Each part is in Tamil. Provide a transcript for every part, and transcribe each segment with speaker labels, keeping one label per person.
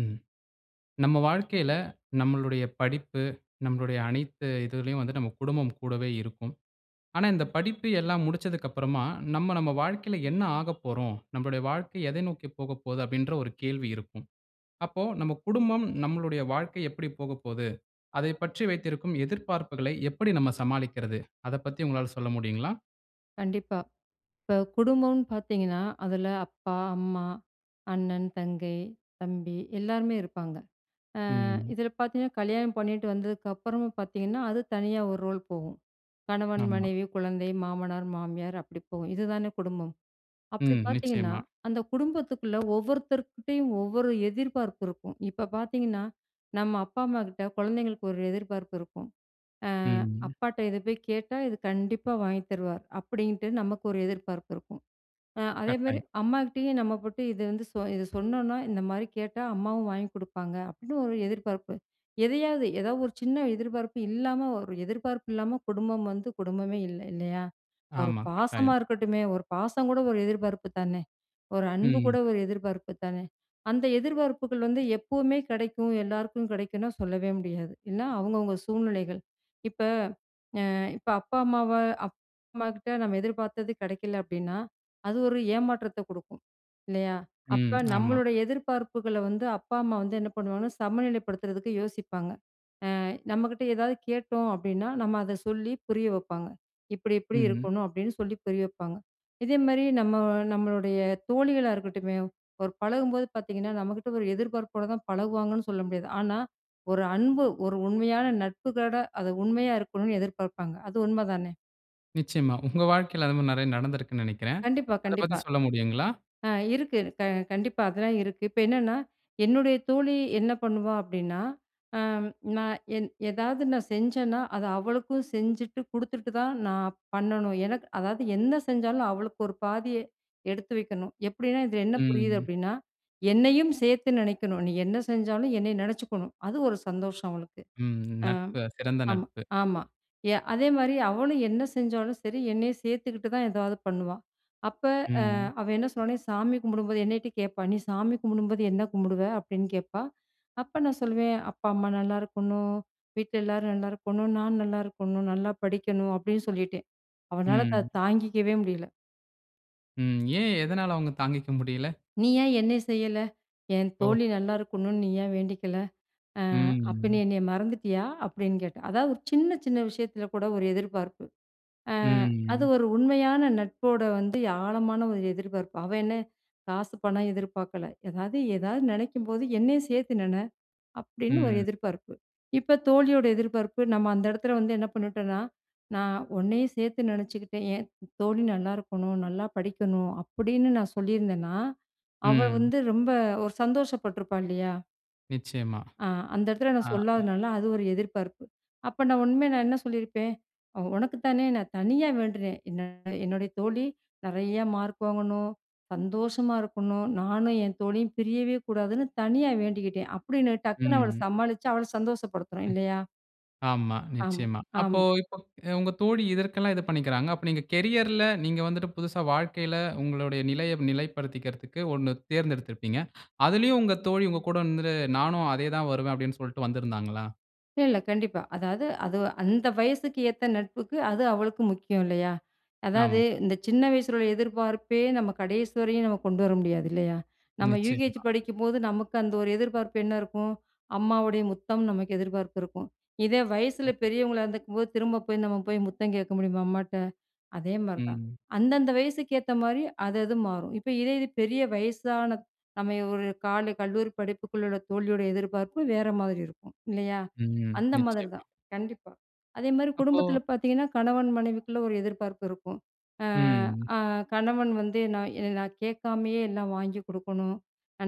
Speaker 1: ம். நம்ம வாழ்க்கையில நம்மளுடைய படிப்பு, நம்மளுடைய அனைத்து இதுலயும் வந்து நம்ம குடும்பம் கூடவே இருக்கும். ஆனா, இந்த படிப்பு எல்லாம் முடிச்சதுக்கு அப்பறமா, நம்ம நம்ம வாழ்க்கையில என்ன ஆகப் போறோம்? நம்மளுடைய வாழ்க்கை எதை நோக்கி போகப்போது அப்டின்ற ஒரு கேள்வி இருக்கும். அப்போ, நம் குடும்பம் நம்மளுடைய வாழ்க்கை எப்பிடி போகப்போது. அதைப் பற்றி வைத்திருக்கும் எதிர்பார்ப்புகளை எப்டி நம்ம சமாளிக்கிறது? அதப் பத்தி உங்களால சொல்ல முடியுங்களா?
Speaker 2: கண்டிப்பா. இப்ப குடும்பம்னு பாத்ததீங்கன்னா, அதில அப்பா, அம்மா, அண்ணன், தங்கை, தம்பி எல்லாருமே இருப்பாங்க. அ,
Speaker 1: ம்.
Speaker 2: இதுல பாத்ததீங்கன்னா, கல்யாணம் பண்ணிட்டு வந்ததுக்கு அப்பறமும் பாத்தீங்கனா, அது தனியா ஒரு ரோல் போகும். கணவன்,
Speaker 1: ஆமா.
Speaker 2: மனைவி, குழந்தை, மாமனார், மாமியார் அப்டி போகும் இதுதானே குடும்பம். அப்டி
Speaker 1: ம்.
Speaker 2: பாத்தீங்கன்னா,
Speaker 1: நிச்சயமா.
Speaker 2: அந்த குடும்பத்துக்குள்ள ஒவ்வொருத்தர்கிட்டயும் ஒவ்வொரு எதிர்பார்ப்பு இருக்கும். இப்ப பாத்தீங்கணா, நம்ம அப்பா, அம்மாகிட்ட குழந்தைங்களுக்கு ஒரு எதிர்பார்ப்பு இருக்கும். அ,
Speaker 1: ம்.
Speaker 2: அப்பாட்ட இத போய் கேட்டா, இது கண்டிப்பா வாங்கி தருவார். அப்டின்ட்டு, நமக்கு ஒரு எதிர்பார்ப்பு இருக்கும். அ அதேமாரி,
Speaker 1: கட்டாயம்.
Speaker 2: அம்மாகிட்டயும் நம்ம போட்டு இத வந்து, இத சொன்னோனா, இந்த மாரி கேட்டா அம்மாவும் வாங்கிக் குடுப்பாங்க, அப்டின்னு ஒரு எதிர்பார்ப்பு. எதையாவது ஏதாவது ஒரு சின்ன எதிர்பார்ப்பு இல்லாம ஒரு எதிர்பார்ப்பு இல்லாம குடும்பம் வந்து குடும்பமே இல்ல, இல்லையா? ஒரு
Speaker 1: ஆமா,
Speaker 2: பாசமா
Speaker 1: கட்டாயம்.
Speaker 2: இருக்கட்டுமே ஒரு பாசம் கூட ஒரு எதிர்பார்ப்பு தானே, ஒரு அன்பு கூட
Speaker 1: ம்.
Speaker 2: ஒரு எதிர்பார்ப்பு தானே, அந்த எதிர்பார்ப்புகள் வந்து எப்பவுமே கிடைக்கும். எல்லாருக்கும் கிடைக்கும்னா, சொல்லவே முடியாது. எல்லாம் அவங்கவங்க சூழ்நிலைகள். இப்ப அ இப்ப அப்பா, அம்மாவ அம்மாகிட்ட நம்ம எதிர்பார்த்தது கிடைக்கல அப்டின்னா, அது ஒரு ஏமாற்றத்த குடுக்கும் இல்லையா?
Speaker 1: ம்.
Speaker 2: அப்ப,
Speaker 1: ஆமா.
Speaker 2: நம்மளோட எதிர்பார்ப்புகள வந்து அப்பா, அம்மா வந்து என்ன பண்ணுவாங்கணா, சமநிலைப்படுத்துறதுக்கு யோசிப்பாங்க. அ நம்மகிட்ட ஏதாவது கேட்டோம் அப்டின்னா நம்ம அத சொல்லி புரிய வைப்பாங்க. இப்டி, இப்டி
Speaker 1: ம்.
Speaker 2: இருக்கணும் அப்டின்னு சொல்லி புரிய வைப்பாங்க. இதேமாரி, நம்ம நம்மளுடைய தோழிகளா இருக்கட்டுமே, ஒரு பழகும்போது பாதீங்கன்னா நம்மகிட்ட ஒரு எதிர்ப்பார்ப்போட தான் பழகுவாங்கன்னு சொல்ல முடியாது. ஆனா ஒரு அன்பு, ஒரு உண்மையான நட்புகளோட அது உண்மையா இருக்கணும்னு எதிர்பார்ப்பாங்க அது உண்மை தானே?
Speaker 1: நிச்சயமா. உங்க வாழ்க்கையில அதுமாரி நிறைய நடந்திருக்குன்னு நினைக்கிறேன்.
Speaker 2: கண்டிப்பா,
Speaker 1: அத பத்தி
Speaker 2: கண்டிப்பா.
Speaker 1: சொல்ல முடியுங்களா?
Speaker 2: ஆ இருக்கு, இருக்கு. க கண்டிப்பா அதெல்லாம் இருக்கு. இப்ப என்னன்னா என்னுடைய தோழி என்ன பண்ணுவா அப்பிடின்னா, ஆ நான் என் எதாவது நான் செஞ்சன்னா, அத அவளுக்கும் செஞ்சுட்டு குடுத்துட்டு தான் நான் பண்ணணும். எனக்கு அதாவது என்ன செஞ்சாலும் அவளுக்கு ஒரு பாதிய எடுத்து வைக்கணும். எப்பிடின்னா இதில என்ன
Speaker 1: ம்,
Speaker 2: புரியுது
Speaker 1: ம்.
Speaker 2: அப்பிடின்னா, என்னையும் சேர்த்து நினைக்கணும். நீ என்ன செஞ்சாலும் என்னைய நினைச்சுக்கணும். அது ஒரு சந்தோஷம் அவளுக்கு.
Speaker 1: ம், ம்.
Speaker 2: அ
Speaker 1: நட்பு. சிறந்த
Speaker 2: ஆமா,
Speaker 1: நட்பு.
Speaker 2: ஆமா. ய அதேமாரி அவளும் என்ன செஞ்சாலும் சரி என்னை சேர்த்துக்கிட்டு தான் எதாவது பண்ணுவா. அப்ப
Speaker 1: ம்,
Speaker 2: அ
Speaker 1: ம்.
Speaker 2: அவ என்ன சொன்னானா சாமி கும்பிடும்போது என்னக்கிட்ட கேட்பா! நீ சாமி கும்பிடும்போது என்ன கும்பிடுவ. அப்பிடின்னு கேட்பா! அப்ப நான் சொல்லுவேன், "அப்பா, அம்மா நல்லாயிருக்கணும், வீட்ல எல்லாரும் நல்லாயிருக்கணும். நான் நல்லாயிருக்கணும். நல்லா படிக்கணும்" அப்பிடின்னு சொல்லிட்டேன். அவனால தா
Speaker 1: ம்.
Speaker 2: தாங்கிக்கவே முடியல.
Speaker 1: ம். ஏன் எதனால அவுங்க தாங்கிக்க முடியல.
Speaker 2: "நீ ஏன் என்னைய செய்யல. என்
Speaker 1: ஓ!
Speaker 2: தோழி நல்லா இருக்கணுனு நீ ஏன் வேண்டிக்கல. அ
Speaker 1: ம்,
Speaker 2: அப்ப நீ
Speaker 1: ம்.
Speaker 2: என்னைய மறந்துட்டியா!" அப்பிடின்னு கேட்டா! அதாவது ஒரு சின்ன, சின்ன விஷயத்தில கூட ஒரு எதிர்பார்ப்பு. அ
Speaker 1: ம்,
Speaker 2: அது
Speaker 1: ம்.
Speaker 2: ஒரு உண்மையான நட்போட வந்து ஆழமான ஒரு எதிர்பார்ப்பு. அவ என்ன காசு பணம் எதிர்பார்க்கல. ஏதாவது ஏதாவது நினைக்கும்போது என்னையும் சேர்த்து நின. அப்பிடின்னு ஒரு
Speaker 1: ம்.
Speaker 2: எதிர்பார்ப்பு. இப்ப தோழியோட எதிர்பார்ப்பு நம்ம அந்த இடத்தில வந்து என்ன பண்ணிட்டோன்னா, நான் உன்னையும் சேர்த்து நினச்சுக்கிட்டேன் "ஏன் தோழி நல்லாருக்கணும், நல்லா படிக்கணும்", அப்பிடின்னு நான் சொல்லியிருந்தன்னா, அவ
Speaker 1: ம்.
Speaker 2: வந்து ரொம்ப ஒரு சந்தோஷப்பட்டுருப்பா, இல்லயா!
Speaker 1: நிச்சயமா.
Speaker 2: அ அந்த இடத்துல
Speaker 1: ஆ.
Speaker 2: நான் சொல்லாததுனால அது ஒரு எதிர்பார்ப்பு. அப்போ நான் உண்மைய நான் என்ன சொல்லியிருப்பேன், "ஒ உனக்கு தானே நான் தனியா வேண்டுனேன். என்ன என்னுடைய தோழி நிறையா மார்க் வாங்கணும், சந்தோஷமா இருக்கணும், நானும் என் தோழியும் பிரியவே கூடாதுன்னு தனியா வேண்டிக்கிட்டேன்." அப்படின்னு
Speaker 1: ம்,
Speaker 2: டக்குனு அவள
Speaker 1: ம்.
Speaker 2: சமாளிச்சு அவள சந்தோஷப்படுத்தணும்,
Speaker 1: ம்.
Speaker 2: இல்லையா?
Speaker 1: ஆமா
Speaker 2: ஆமா.
Speaker 1: நிச்சயமா. அப்போ
Speaker 2: ஆமா.
Speaker 1: இப்போ உங்க தோழி இதற்கெல்லாம் இது பண்ணிக்கிறாங்க. அப்போ நீங்க கேரியர்ல நீங்க வந்துட்டு புதுசா வாழ்க்கையில உங்களுடைய நிலையை நிலைப்படுத்திக்கிறதுக்கு ஒண்ணு தேர்ந்தெடுத்திருப்பீங்க. அதிலேயும் உங்க தோழி உங்க கூட வந்து நானும் அதே தான் வருவேன் அப்படின்னு சொல்லிட்டு வந்திருந்தாங்களா?
Speaker 2: இல்ல கண்டிப்பா. அதாவது, அது அந்த வயசுக்கு ஏத்த நட்புக்கு அது அவளுக்கு முக்கியம் இல்லையா? அதாவது
Speaker 1: ஆமா.
Speaker 2: இந்த சின்ன வயசில உள்ள எதிர்பார்ப்பே நம்ம கடைசி வரையும் நம்ம கொண்டு வர முடியாது இல்லையா? நம்ம யூகேஜி
Speaker 1: நிச்சயமா.
Speaker 2: படிக்கும்போது நமக்கு அந்த ஒரு எதிர்பார்ப்பு என்ன இருக்கும்? அம்மாவுடைய முத்தம் நமக்கு எதிர்பார்ப்பு இருக்கும். இதே
Speaker 1: ம்.
Speaker 2: வயசுல பெரியவங்களா இருந்துருக்கும்போது திரும்ப போய் நம்ம போய் முத்தம் கேட்க முடியுமா? அம்மாட்ட. அதே மாதிரி தான்.
Speaker 1: ம்.
Speaker 2: அந்தந்த வயசுக்கு ஏத்த மாதிரி அது அது மாறும். இப்போ இதே இது பெரிய வயசான நம்ம ஒரு கால கல்லூரி படிப்புக்குள்ள உள்ள தோழியோட எதிர்பார்ப்பு வேற மாதிரி இருக்கும் இல்லையா?
Speaker 1: ம்.
Speaker 2: அந்த மாதிரி
Speaker 1: நிச்சயமா.
Speaker 2: தான். கண்டிப்பா. அதேமாதிரி
Speaker 1: அப்போ
Speaker 2: குடும்பத்தில பார்த்தீங்கன்னா கணவன் மனைவிக்குள்ளே ஒரு எதிர்பார்ப்பு இருக்கும். அ
Speaker 1: ம்.
Speaker 2: அ கணவன் வந்து நான் என்ன "நான் கேட்காமயே எல்லாம் வாங்கி கொடுக்கணும்,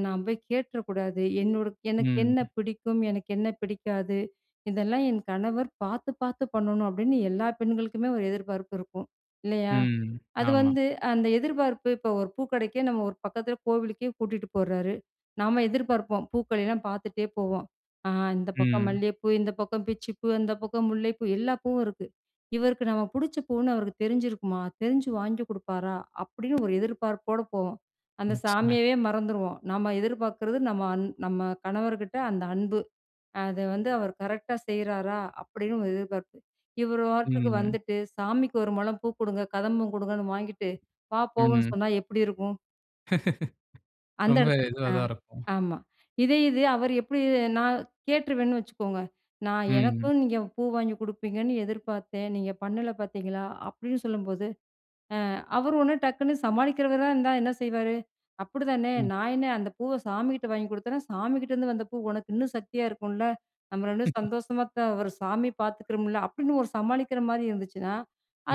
Speaker 2: நான் போய் கேட்டுற கூடாது, என்னோட எனக்கு என்ன
Speaker 1: ம்.
Speaker 2: பிடிக்கும்? எனக்கு என்ன பிடிக்காது? இதெல்லாம் என் கணவர் பார்த்து பார்த்து பண்ணணும்," அப்படின்னு எல்லா பெண்களுக்குமே ஒரு எதிர்பார்ப்பு இருக்கும், இல்லையா?
Speaker 1: ம்.
Speaker 2: அது
Speaker 1: ஆமா.
Speaker 2: வந்து அந்த எதிர்பார்ப்பு இப்போ ஒரு பூக்கடைக்கே நம்ம ஒரு பக்கத்தில கோவிலுக்கே கூட்டிட்டு போறாரு, நாம் எதிர்பார்ப்போம் பூக்களெல்லாம் பார்த்துட்டே போவோம், அ "இந்த பக்கம்
Speaker 1: ம்.
Speaker 2: மல்லிய பூ, இந்த பக்கம் பிச்சி பூ, அந்த பக்கம் முல்லை பூ, எல்லா பூவும் இருக்கு. இவருக்கு நம்ம பிடிச்ச பூன்னு அவருக்கு தெரிஞ்சிருக்குமா? தெரிஞ்சு வாங்கி கொடுப்பாரா?" அப்படி ஒரு எதிர்பார்ப்போடு போவோம். அந்த
Speaker 1: நிச்சயமா.
Speaker 2: சாமியவே மறந்துருவோம், நம்ம எதிர்பார்க்கிறது நம்ம அந் நம்ம கணவர்கிட்ட அந்த அன்பு. அத வந்து அவர் கரெக்டா செய்றாரா? அப்படின்னு ஒரு எதிர்பார்ப்பு. இவர் பாட்டுக்கு
Speaker 1: ம்.
Speaker 2: வந்துட்டு சாமிக்கு ஒரு முழம் பூ கொடுங்க, கதம்பம் கொடுங்கன்னு வாங்கிட்டு, "வா போவோம்ன்னு"
Speaker 1: ம்.
Speaker 2: சொன்னா எப்படி இருக்கும்? அந்த
Speaker 1: ரொம்ப
Speaker 2: இடத்து
Speaker 1: இதுவா
Speaker 2: ஆ
Speaker 1: தான் இருக்கும்.
Speaker 2: ஆமா. இதே இது அவர் எப்டி நா கேட்டுருவேன்னு வச்சுக்கோங்க. நா
Speaker 1: ம்.
Speaker 2: 'எனக்குனு நீங்க பூ வாங்கி குடுப்பீங்கன்னு எதிர்பார்த்தேன். நீங்க பண்ணல பார்த்தீங்களா.' அப்படின்னு சொல்லும்போது, அ அவரு ஒடனே டக்குனு சமாளிக்கிறவரா இருந்தா என்ன செய்வாரு? அப்படிதானே,
Speaker 1: ம்.
Speaker 2: "நா என்ன அந்த பூவ சாமிகிட்ட வாங்கி குடுத்தேனா, சாமிகிட்டேருந்து வந்த பூ உனக்கு இன்னு சக்தியா இருக்கும்ல, நம்ம 2 பேரும் சந்தோஷமா தா ஒரு சாமி
Speaker 1: ம்
Speaker 2: பார்த்துக்கிறோம்ல." அப்டின்னு ஒரு சமாளிக்கிற மாரி இருந்துச்சுன்னா,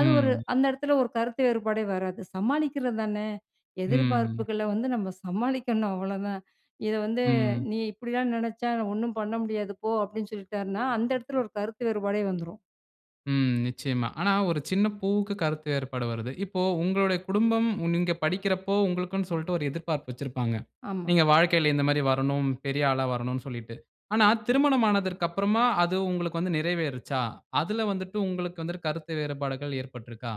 Speaker 2: அது ஒரு அந்த இடத்தில ஒரு கருத்து வேறுபாடே வராது. சமாளிக்கிறது தானே.
Speaker 1: ம்.
Speaker 2: எதிர்பார்ப்புகள வந்து நம்ம சமாளிக்கணும் அவ்வளோதான். இத வந்து
Speaker 1: ம்.
Speaker 2: "நீ இப்படிலாம் நினச்சா ஒண்ணு பண்ண முடியாது போ." அப்படின்னு சொல்லிட்டார்னா. அந்த இடத்துல ஒரு கருத்து வேறுபாடே வந்துரும்.
Speaker 1: ம் நிச்சயமா. ஆனா ஒரு சின்ன பூவுக்கு கருத்து வேறுபாடு வருது. இப்போ உங்களோடைய குடும்பம் நீங்க படிக்கிறப்போ, உங்களுக்குனு சொல்லிட்டு ஒரு எதிர்ப்பார்ப்பு வைச்சிருப்பாங்க.
Speaker 2: ஆமா.
Speaker 1: நீங்க வாழ்க்கையில இந்த மாரி வரணும், பெரிய ஆளா வரணும் சொல்லிட்டு. ஆனா திருமணம் ஆனதற்கு அப்புறமா அது உங்களுக்கு வந்து நிறைவேருச்சா? அதுல வந்துட்டு உங்களுக்கு வந்து கருத்து வேறுபாடுகள் ஏற்பட்டிருக்கா?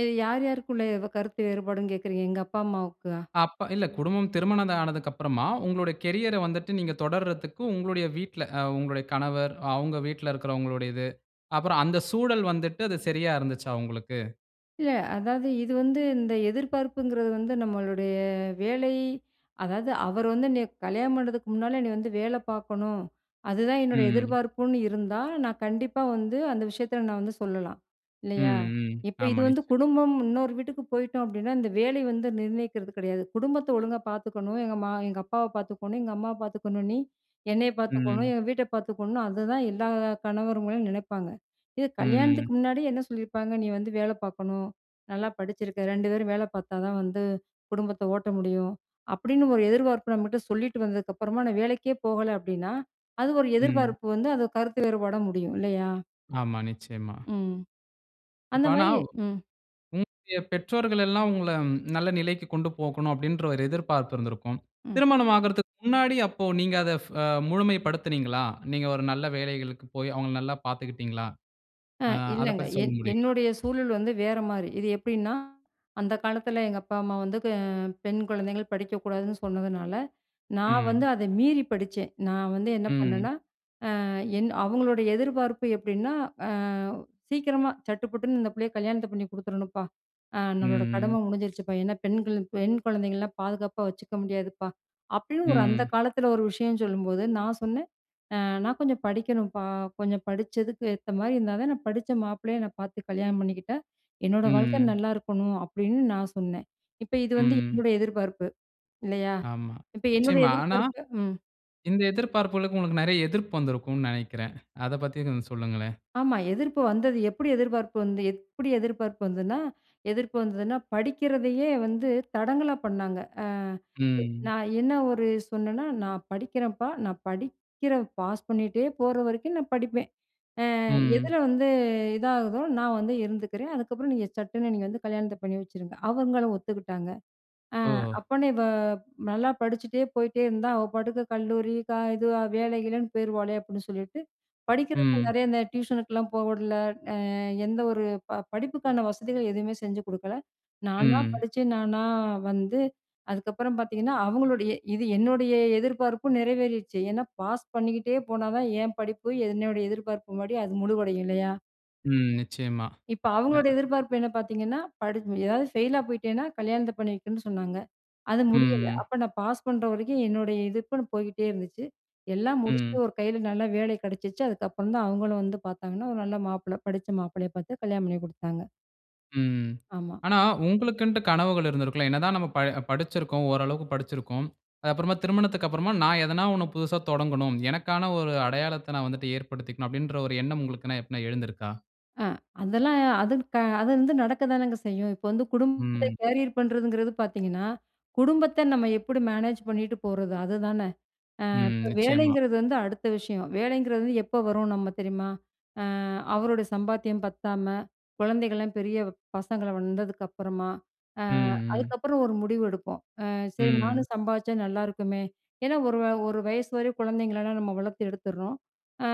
Speaker 2: இது யார் யாருக்குள்ள கருத்து வேறுபாடுன்னு கேட்கறீங்க? எங்கப்பா அம்மாவுக்கா.
Speaker 1: அப்ப இல்ல குடும்பம் திருமணம் ஆனதுக்கு அப்புறமா உங்களுடைய கேரியர் ஐ வந்துட்டு நீங்க தொடர்தற்கு உங்களுடைய வீட்டில, உங்களுடைய கணவர், அவங்க வீட்டில இருக்கிறவங்களுடையது. அப்புறம் அந்த சூழல் வந்துட்டு அது சரியா இருந்துச்சா உங்களுக்கு?
Speaker 2: இல்ல. அதாவது இது வந்து இந்த எதிர்பார்ப்புங்கிறது வந்து நம்மளுடைய வேலை, அதாவது அவர் வந்து என்னைய கல்யாணம் பண்ணுறதுக்கு முன்னால "நீ வந்து வேல பார்க்கணும். அதுதான் என்னுடைய
Speaker 1: ம்.
Speaker 2: எதிர்பார்ப்புன்னு" இருந்தா, நான் கண்டிப்பா வந்து அந்த விஷயத்தில நான் வந்து சொல்லலாம். இல்லயா!
Speaker 1: ம், ம்.
Speaker 2: இப்ப இது
Speaker 1: ஆமா.
Speaker 2: வந்து
Speaker 1: நிச்சயம்.
Speaker 2: குடும்பம் இன்னொரு வீட்டுக்கு போயிட்டோம் அப்பிடின்னா, இந்த வேலை வந்து நிர்ணயிக்கிறது கிடையாது. "குடும்பத்த ஒழுங்கா பார்த்துக்கணும். எங்க மா எங்க அப்பாவ பார்த்துக்கணும், எங்க அம்மாவ பார்த்துக்கணும். நீ என்னைய பார்த்துக்கணும்.
Speaker 1: ம்.
Speaker 2: எங்க வீட்ட பார்த்துக்கணும்." அதுதான் எல்லா கணவர்ங்களும் நினைப்பாங்க. இது
Speaker 1: ம், ம்.
Speaker 2: கல்யாணத்துக்கு முன்னாடி என்ன சொல்லியிருப்பாங்க. "நீ வந்து வேல பார்க்கணும். நல்லா படிச்சிருக்க. ரெண்டு பேரும் வேல பார்த்தா தான் வந்து குடும்பத்த ஓட்ட முடியும்." அப்பிடின்னு ஒரு எதிர்பார்ப்பு நம்மட்ட சொல்லிட்டு வந்ததுக்கு அப்பறமா நான் வேலைக்கே போகல அப்பிடின்னா, அது ஒரு
Speaker 1: ம்.
Speaker 2: எதிர்பார்ப்பு வந்து அது கருத்து வேறுபாடா முடியும். இல்லயா!
Speaker 1: ஆமா, நிச்சயமா.
Speaker 2: ம்.
Speaker 1: இப்ப ஆனா,
Speaker 2: அந்தமாரி ம்.
Speaker 1: உங்களுடைய பெற்றோர்கள் எல்லாம் உங்கள நல்ல நிலைக்கு கொண்டு போகணும் அப்பிடின்ற ஒரு எதிர்பார்ப்பு இருந்திருக்கும்.
Speaker 2: ம்.
Speaker 1: திருமணம் ஆகுறதுக்கு முன்னாடி அப்போ நீங்க அத அ முழுமைப்படுத்தினீங்களா? நீங்க ஒரு நல்ல வேலைகளுக்கு போய் அவுங்கள நல்லா பார்த்துக்கிட்டீங்களா,
Speaker 2: ஆ
Speaker 1: ஆ அத
Speaker 2: இல்லங்க.
Speaker 1: பத்தி சொல்ல
Speaker 2: என்
Speaker 1: முடியுங்களா?
Speaker 2: என்னுடைய சூழல் வந்து வேறமாரி. இது எப்பிடின்னா, அந்த காலத்தில எங்க அப்பா, அம்மா வந்து அ பெண் குழந்தைகள் படிக்கக்கூடாதுன்னு சொன்னதுனால, நான் வந்து
Speaker 1: ம்.
Speaker 2: அத மீறி படிச்சேன். நான் வந்து என்ன
Speaker 1: ம்.
Speaker 2: பண்ணன்னா, அ என் அவுங்களுடைய எதிர்பார்ப்பு எப்பிடின்னா, அ "சீக்கிரமா சட்டு புட்டுன்னு இந்த பிள்ளைய கல்யாணத்த பண்ணி குடுத்துறணுப்பா! ஆ
Speaker 1: ம்,
Speaker 2: நம்மளோட
Speaker 1: ம்.
Speaker 2: கடமை முடிஞ்சிடுச்சிப்பா! ஏன்னா, பெண்கள் பெண் குழந்தைங்கள்லாம் பாதுகாப்பா வச்சுக்க முடியாதுப்பா," அப்பிடின்னு
Speaker 1: ம்,
Speaker 2: ஒரு அந்த
Speaker 1: ம்.
Speaker 2: காலத்தில ஒரு விஷயம் சொல்லும்போது நான் சொன்னேன். 'அ நான் கொஞ்சம் படிக்கணும்ப்பா! கொஞ்சம் படிச்சக்கு ஏத்தமாதரி இருந்தா தான் நான் படிச்ச மாப்பிள்ளையா என்ன பார்த்து கல்யாணம் பண்ணிக்கிட்டா, என்னோட
Speaker 1: ம்,
Speaker 2: வாழ்க்கை
Speaker 1: ம்.
Speaker 2: நல்லா இருக்கணும்.' அப்பிடின்னு நான் சொன்னேன். இப்ப இது வந்து
Speaker 1: ம்.
Speaker 2: என்னோட எதிர்பார்ப்பு. இல்லயா!
Speaker 1: ஆமா,
Speaker 2: இப்ப என்னுடைய
Speaker 1: நிச்சயமா. ஆனா,
Speaker 2: எதிர்பார்ப்பு ம்.
Speaker 1: இந்த எதிர்பார்ப்புகளுக்கு உங்களுக்கு நிறைய எதிர்ப்பு வந்திருக்குன்னு நினைக்கிறேன். அத பத்தி கொஞ்சம் சொல்லுங்களேன்.
Speaker 2: ஆமா. எதிர்ப்பு வந்தது. எப்பிடி எதிர்பார்ப்பு வந்து எப்பிடி எதிர்பார்ப்பு வந்தன்னா எதிர்ப்பு வந்ததுன்னா, படிக்கிறதையே வந்து தடங்கலா பண்ணாங்க. அ
Speaker 1: ம்.
Speaker 2: நான் என்ன ஒரு சொன்னன்னா, 'நான் படிக்கிறேன்ப்பா. நான் படிக்கிற பாஸ் பண்ணிட்டே போற வரைக்கும் நான் படிப்பேன். அ எதில
Speaker 1: ம்.
Speaker 2: வந்து இதாகுதோ! நான் வந்து இருந்துக்கிறேன். அதுக்கப்பறம் நீங்க சட்டுன்னு நீங்க வந்து கல்யாணத்த பண்ணி வச்சுருங்க.' அவுங்களும் ஒத்துக்கிட்டாங்க. அ
Speaker 1: ஓ!
Speaker 2: "அப்பன்னே இவ நல்லா படிச்சுட்டே போயிட்டே இருந்தா, அவ பாட்டுக்கு கல்லூரி க இது வேல, கீழேன்னு போயிருவாளே! அப்பிடின்னு சொல்லிட்டு," படிக்கிறதுக்கு
Speaker 1: ம்.
Speaker 2: நிறைய இந்த டியூஷனுக்குலாம் போக விடல. அ எந்த ஒரு ப படிப்புக்கான வசதிகள் எதுவுமே செஞ்சு குடுக்கல. நானா
Speaker 1: ம்.
Speaker 2: படிச்சு, நானா வந்து அதுக்கப்பறம் பார்த்தீங்கன்னா, அவுங்களுடைய இது என்னுடைய எதிர்பார்ப்பும் நிறைவேறிருச்சு. ஏன்னா பாஸ் பண்ணிக்கிட்டே போனா தான், ஏன் படிப்பு என்னுடைய எதிர்பார்ப்பு முன்னாடி அது முழுவடையும் இல்லையா!
Speaker 1: ம். நிச்சயமா.
Speaker 2: இப்ப
Speaker 1: அ
Speaker 2: அவுங்களுடைய எதிர்பார்ப்பு என்ன? பார்த்தீங்கன்னா படி எதாவது ஃபெயிலா போயிட்டேன்னா, கல்யாணத்த பண்ணி வைக்கன்னு சொன்னாங்க. அது
Speaker 1: ம்,
Speaker 2: முடியல.
Speaker 1: ம்.
Speaker 2: அப்ப நான் பாஸ் பண்ற வரைக்கும் என்னுடைய எதிர்ப்புன்னு போய்கிட்டே இருந்துச்சு. எல்லாம்
Speaker 1: ம்.
Speaker 2: முடிச்சுட்டு ஒரு கையில நல்ல வேலை கிடைச்சுச்சு. அதுக்கப்புறம் தான் அவுங்களும் வந்து பார்த்தாங்கன்னா, ஒரு நல்ல மாப்பிள்ளை படித்த மாப்பிள்ளையா பார்த்து கல்யாணம் பண்ணி கொடுத்தாங்க.
Speaker 1: ம், ம்.
Speaker 2: ஆமா.
Speaker 1: ஆனா, உங்களுக்கின்ட்டு கனவுகள் இருந்திருக்கும் இல்ல. என்னதான் நம்ம ப படிச்சிருக்கோம். ஓரளவுக்கு படிச்சிருக்கோம். அது அப்புறமா திருமணத்துக்கு அப்பறமா நான் எதனா ஒண்ணு புதிதா தொடங்கணும். எனக்கான ஒரு அடையாளத்த நான் வந்துவிட்டு ஏற்படுத்திக்கணும் அப்பிடின்ற ஒரு எண்ணம் உங்களுக்கு எப்பன்னா எழுந்திருக்கா?
Speaker 2: ஆ, அதெல்லாம் அது க அது வந்து நடக்கதானங்க செய்யும். இப்ப வந்து குடும்பத்தை
Speaker 1: ம்.
Speaker 2: கேரியர் பண்ணுறதுங்கிறது பார்த்தீங்கன்னா, குடும்பத்த நம்ம எப்பிடி மேனேஜ் பண்ணிட்டு போறது அதுதான. அ
Speaker 1: ம்.
Speaker 2: இப்ப
Speaker 1: நிச்சயமா.
Speaker 2: வேலைங்கிறது வந்து அடுத்த விஷயம். வேலைங்கிறது எப்ப வரும் நம்ம தெரியுமா? ஆ அவரோட சம்பாத்தியம் பத்தாம, குழந்தைகள்லாம் பெரிய பசங்களா வந்ததுக்கு அப்பறமா, அ
Speaker 1: ம், ம்.
Speaker 2: அதுக்கப்பறம் ஒரு முடிவு எடுப்போம். அ சரி
Speaker 1: ம்.
Speaker 2: நானும் சம்பாதிச்சா நல்லாயிருக்குமே! ஏன்னா, ஒரு வ ஒரு வயசு வரை குழந்தைங்கள எல்லாம் நம்ம வளர்த்து எடுத்துட்றோம். அ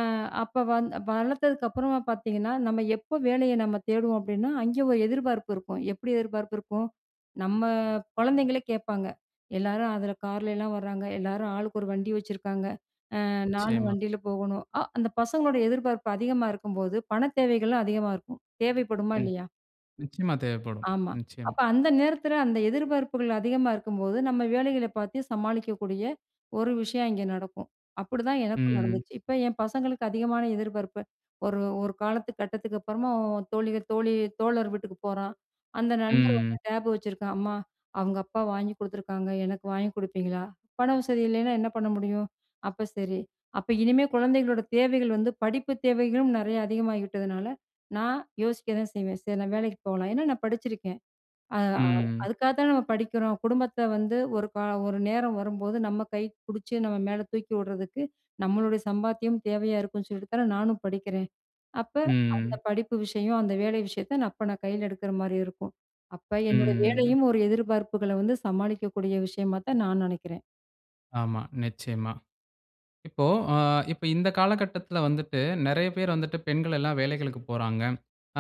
Speaker 2: அப்ப வந் வளத்ததுக்கு அப்புறமா பார்த்தீங்கன்னா, நம்ம எப்போ வேலைய நம்ம தேடுவோம் அப்பிடின்னா, அங்கே ஒரு எதிர்பார்ப்பு இருக்கும். எப்பிடி எதிர்பார்ப்பு இருக்கும்? நம்ம குழந்தைங்களே கேட்பாங்க. எல்லாரும் அதில கார்ல எல்லாம் வராங்க. எல்லாரும் ஆளுக்கு ஒரு வண்டி வச்சுருக்காங்க. அ நானும்
Speaker 1: நிச்சயமா.
Speaker 2: வண்டில போகணும். அ அந்த பசங்களோட எதிர்பார்ப்பு அதிகமா இருக்கும்போது, பணத் தேவைகளும் அதிகமா இருக்கும். தேவைப்படுமா!
Speaker 1: ம்.
Speaker 2: இல்லயா!
Speaker 1: நிச்சயமா தேவைப்படும்.
Speaker 2: ஆமா.
Speaker 1: நிச்சயமா.
Speaker 2: அப்ப அந்த நேரத்தில அந்த எதிர்பார்ப்புகள் அதிகமா இருக்கும்போது, நம்ம வேலைகள பார்த்து சமாளிக்கக்கூடிய ஒரு விஷயம் அங்கே நடக்கும். அப்பிடிதான் எனக்கும்
Speaker 1: ம், ம்.
Speaker 2: நடந்துச்சு. இப்ப என் பசங்களுக்கு அதிகமான எதிர்பார்ப்பு. ஒரு, ஒரு காலத்து கட்டத்துக்கு அப்பறமா தோழிகள் தோழி, தோழர் வீட்டுக்குப் போறான். அந்த
Speaker 1: ம்,
Speaker 2: நண்பர்
Speaker 1: ம்.
Speaker 2: வந்து டேப் வச்சிருக்கான். அம்மா! அவுங்க அப்பா வாங்கி கொடுத்துருக்காங்க. எனக்கு வாங்கி கொடுப்பீங்களா? பண வசதி இல்லயின்னா என்ன பண்ண முடியும்? அப்ப சரி. அப்ப இனிமே குழந்தைங்களோட தேவைகள் வந்து படிப்பு தேவைகளும் நிறைய அதிகமாகி விட்டதுனால, நான் யோசிக்க தான் செய்வேன். சரி நான் வேலைக்கு போகலாம். ஏன்னா, நான் படிச்சிருக்கேன். அ
Speaker 1: ம், ம்.
Speaker 2: அதுக்காக தான நம்ம படிக்கிறோம். குடும்பத்த வந்து ஒரு காலம் ஒரு நேரம் வரும்போது நம்ம கை பிடிச்சு நம்ம மேல தூக்கி விடுறதுக்கு நம்மளுடைய சம்பாத்தியம் தேவையா இருக்குன்னு சொல்லிட்டு தானே நானும் படிக்கிறேன். அப்ப
Speaker 1: ம்,
Speaker 2: அந்த
Speaker 1: ம்.
Speaker 2: படிப்பு விஷயம், அந்த வேலை விஷயத்த நான் அப்ப நான் கையில எடுக்கிறமாரி இருக்கும். அப்ப
Speaker 1: ம்,
Speaker 2: என்னோட
Speaker 1: ம்
Speaker 2: வேலையும் ஒரு எதிர்பார்ப்புகள வந்து சமாளிக்கக்கூடிய விஷயமா தான் நான் நினைக்கிறேன்.
Speaker 1: ஆமா. நிச்சயமா. இப்போ ஆ இப்ப இந்த காலகட்டத்துல வந்துட்டு நெறைய பேரு வந்துட்டு, பெண்கள் எல்லாம் வேலைகளுக்குப் போறாங்க.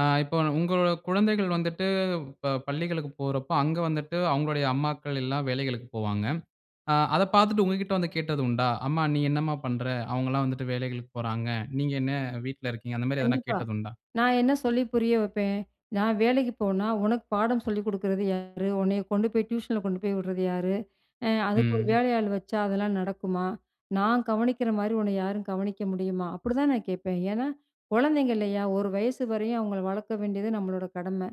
Speaker 1: ஆ இப்போ உங்களோட குழந்தைகள் வந்துட்டு இப்ப பள்ளிகளுக்கு போறப்ப, அங்க வந்துட்டு அவங்களுடைய அம்மாக்கள் எல்லாம் வேலைகளுக்கு போவாங்க. ஆ அத பாத்துட்டு உங்ககிட்ட வந்து கேட்டது உண்டா? அம்மா நீ என்னம்மா பண்ற? அவங்களான் வந்துட்டு வேலைகளுக்கு போறாங்க. நீங்க என்ன வீட்ல இருக்கீங்க? அந்த மாரி எதனா
Speaker 2: கண்டிப்பா.
Speaker 1: கேட்டது உண்டா?
Speaker 2: நான் என்ன சொல்லி புரிய வப்பேன்! நான் வேலைக்கு போனா, உனக்கு பாடம் சொல்லி குடுக்குறது யாரு? உன்னைய கொண்டு போய் டியூஷன்ல கொண்டு போய் உடுறது யாரு? ஆ அதுக்கு ஒரு
Speaker 1: ம்.
Speaker 2: வேலையாள் வச்சா அதெல்லாம் நடக்குமா? நான் கவனிக்குற மாரி உன்ன யாரும் கவனிக்க முடியுமா? அப்புடிதான் நான் கேட்பேன். ஏன்னா, கொழந்தைங்க இல்லையா? ஒரு வயசு வரையும் அவங்கள வளர்த்த வேண்டியது நம்மளோட கடமை.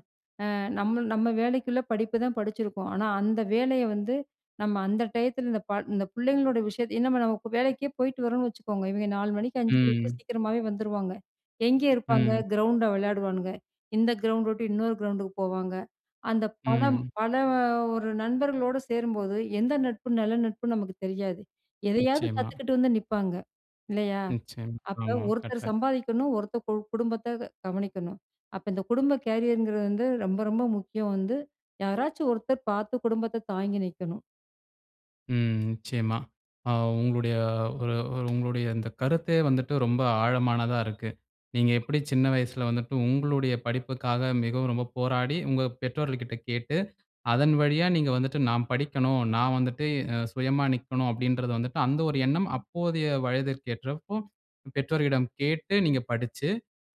Speaker 2: ஆ நம்மள் நம்ம வேலைக்குள்ள படிப்பு தான் படிச்சுருருக்கோம். ஆனா அந்த வேலைய வந்து, நம்ம அந்த டயத்துல இந்த பாழ் இந்த புள்ளைங்களோட விஷயத்த ஏன்னா நம்ம இப்ப வேலைக்கே போய்ட்டு வரோன்னு வச்சுக்கோங்க. இவய்ங்க 4 மணிக்கு, 5 மணிக்கு
Speaker 1: ம்.
Speaker 2: சீக்கிரமாவே வந்துருவாங்க. எங்கே இருப்பாங்க?
Speaker 1: ம்.
Speaker 2: கிரவுண்ட்ல விளையாடுவான்ங்க. இந்த கிரவுண்ட் உட்டு இன்னொரு கிரவுண்டுக்கு போவாங்க. அந்த பலம்
Speaker 1: ம்.
Speaker 2: பல ஒரு நண்பர்களோடு சேரும்போது, எந்த நட்பு நல்ல நட்புன்னு நமக்கு தெரியாது. எதையாவது
Speaker 1: நிச்சயமா.
Speaker 2: கத்துக்கிட்டு வந்து நிப்பாங்க. இல்லையா?
Speaker 1: நிச்சயமா.
Speaker 2: அப்ப
Speaker 1: ஆமா
Speaker 2: ஒருத்தர்
Speaker 1: கட்ட.
Speaker 2: சம்பாதிக்கணும், ஒருத்தர் கு குடும்பத்த கவனிக்கணும். அப்ப இந்த குடும்ப கேரியர்ங்குறது வந்து ரொம்ப ரொம்ப முக்கியம் வந்து, யாராச்சும் ஒருத்தர் பாத்து குடும்பத்த தாங்கி நிக்கணும்.
Speaker 1: ம். நிச்சயமா. ஆ உங்களுடைய ஒரு ஒரு உங்களுடைய இந்த கருத்தே வந்துட்டு ரொம்ப ஆழமானதா இருக்கு. நீங்க எப்டி சின்ன வயசுல வந்துட்டு, உங்களுடைய படிப்புக்காக மிகவும் ரொம்ப போராடி, உங்க பெற்றோர்கள்க கிட்ட கேட்டு, அதன் வழியா நீங்க வந்துட்டு நான் படிக்கணும், நான் வந்துட்டு அ சுயமா நிக்கணும் அப்டின்றத வந்துட்டு, அந்த ஒரு எண்ணம் அப்போதைய வயதிற்கு ஏற்றப்போ பெற்றோரீடம் கேட்டு நீங்க படிச்சு,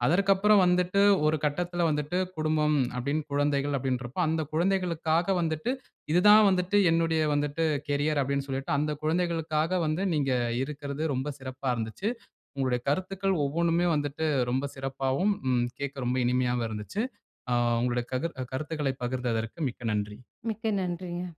Speaker 1: அதற்கு அப்பறம் வந்துட்டு ஒரு கட்டத்துல வந்துட்டு குடும்பம் அப்டின் குழந்தைகள் அப்டின்றப்போ, அந்த குழந்தைகளுக்காக வந்துட்டு, இது தான் வந்துட்டு என்னுடைய வந்துட்டு கேரியர் அப்டின் சொல்லிட்டு, அந்த குழந்தைகளுக்காக வந்து நீங்க இருக்கிறது, ரொம்ப சிறப்பா இருந்துச்சு. உங்களுடைய கருத்துக்கள் ஒவ்வொண்ணுமே வந்துட்டு ரொம்ப சிறப்பாவும், ம் கேட்க ரொம்ப இனிமையாவும் இருந்துச்சு. ஆ உங்களுடைய கதிர் கருத்துகளை பகிர்ந்ததற்கு மிக்க நன்றி.
Speaker 2: மிக்க நன்றிங்க.